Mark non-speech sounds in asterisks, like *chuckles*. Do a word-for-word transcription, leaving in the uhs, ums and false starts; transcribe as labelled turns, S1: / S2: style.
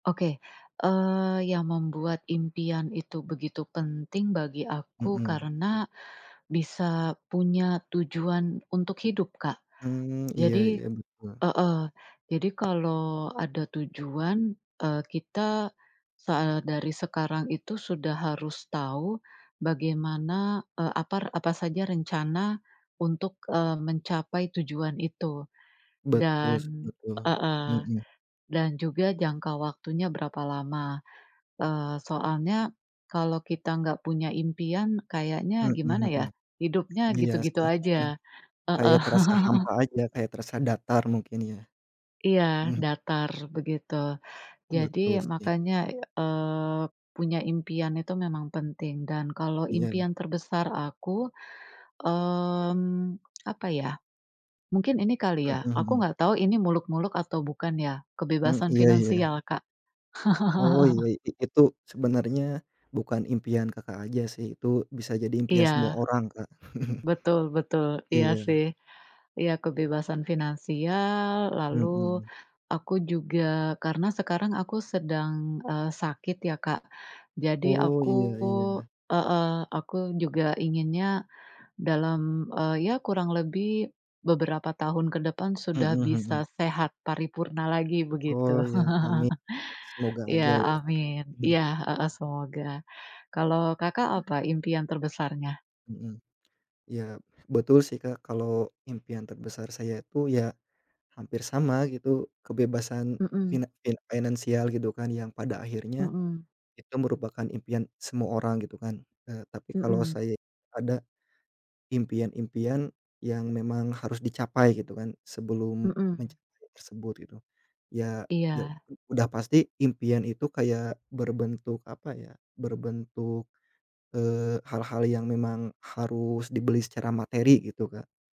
S1: Oke. Eee, yang membuat impian itu begitu penting bagi aku,
S2: Mhm.
S1: karena bisa punya tujuan untuk hidup, Kak.
S2: Mmm, iya
S1: Jadi
S2: iya. Betul.
S1: heeh, jadi kalau ada tujuan, eee, kita soal dari sekarang itu sudah harus tahu bagaimana, eee, apar apa saja rencana untuk, eee, mencapai tujuan itu.
S2: betus
S1: Dan
S2: betul.
S1: heeh.
S2: Mhm.
S1: Dan juga jangka waktunya berapa lama. Eee, soalnya kalau kita enggak punya impian, kayaknya
S2: Mhm
S1: gimana ya,
S2: mhm.
S1: hidupnya
S2: Iya
S1: gitu-gitu
S2: sih, *chuckles*
S1: aja.
S2: kayak
S1: Heeh.
S2: terasa
S1: *laughs*
S2: hampa aja, kayak terasa datar mungkin ya,
S1: Iya,
S2: mhm.
S1: datar begitu. Jadi,
S2: Betul, sih.
S1: makanya, ya, eee, punya impian itu memang penting, dan kalau
S2: Iya.
S1: impian terbesar aku. Mmm, apa ya, mungkin ini kali ya,
S2: Heeh
S1: aku
S2: heeh.
S1: nggak tahu ini muluk-muluk atau bukan ya.
S2: Eee,
S1: Kebebasan
S2: iya iya.
S1: finansial, Kak.
S2: Oh iya,
S1: *laughs*
S2: i itu sebenarnya bukan impian, Kakak aja sih itu bisa jadi impian
S1: Iya,
S2: semua orang, Kak. *chuckles*
S1: betul betul. Iya,
S2: Iya.
S1: sih. Iya, kebebasan finansial, lalu
S2: Mhm.
S1: aku juga karena sekarang aku sedang, eee, sakit ya, Kak. Jadi,
S2: Oh,
S1: aku
S2: iya iya.
S1: heeh, aku juga inginnya dalam, eee, ya kurang lebih beberapa tahun ke depan sudah
S2: Mhm
S1: bisa
S2: mhm.
S1: sehat paripurna lagi begitu.
S2: Oh ya,
S1: *laughs*
S2: amin semoga
S1: Iya,
S2: aja ya, Kak.
S1: amin.
S2: *chuckles*
S1: Iya heeh semoga. Kalau, Kakak apa impian terbesarnya?
S2: Mhm. Ya, betul sih, Kak, kalau impian terbesar saya itu, ya hampir sama gitu kebebasan
S1: Mhm.
S2: finan finansial gitu kan yang pada akhirnya,
S1: Mhm.
S2: itu merupakan impian semua orang gitu kan, eee, tapi kalau
S1: Mhm.
S2: saya ada impian-impian yang memang harus dicapai gitu kan, sebelum
S1: Mhm.
S2: mencapai tersebut gitu. Ya ya
S1: Iya.
S2: udah pasti impian itu kayak berbentuk apa ya, berbentuk, eee, hal-hal yang memang harus dibeli secara materi gitu, Kak.